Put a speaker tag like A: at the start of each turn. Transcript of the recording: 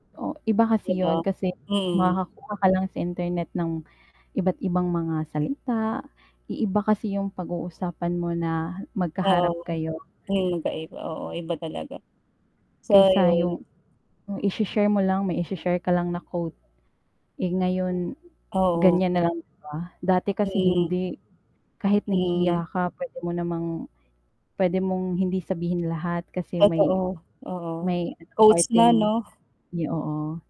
A: Oh, iba
B: 'Di
A: kasi
B: ba?
A: 'yon. Kasi
B: Mm.
A: makakakuha ka lang sa internet ng iba't-ibang mga salita. I iba kasi yung pag-uusapan mo na
B: Oo.
A: magkaharap kayo.
B: Mm, magkaiba. Oo, iba talaga. So,
A: kaysa
B: ayun.
A: yung ise-share mo lang, may ise-share ka lang na quote. Eh, ngayon,
B: Oo.
A: ganiyan na lang ba? Dati kasi
B: Mm.
A: hindi, kahit
B: Mm.
A: nahihiya ka puwede mo namang puwede mong hindi sabihin lahat kasi may
B: Totoo, oo.
A: may
B: Qoutes na
A: parteng
B: 'no?
A: 'yo oo.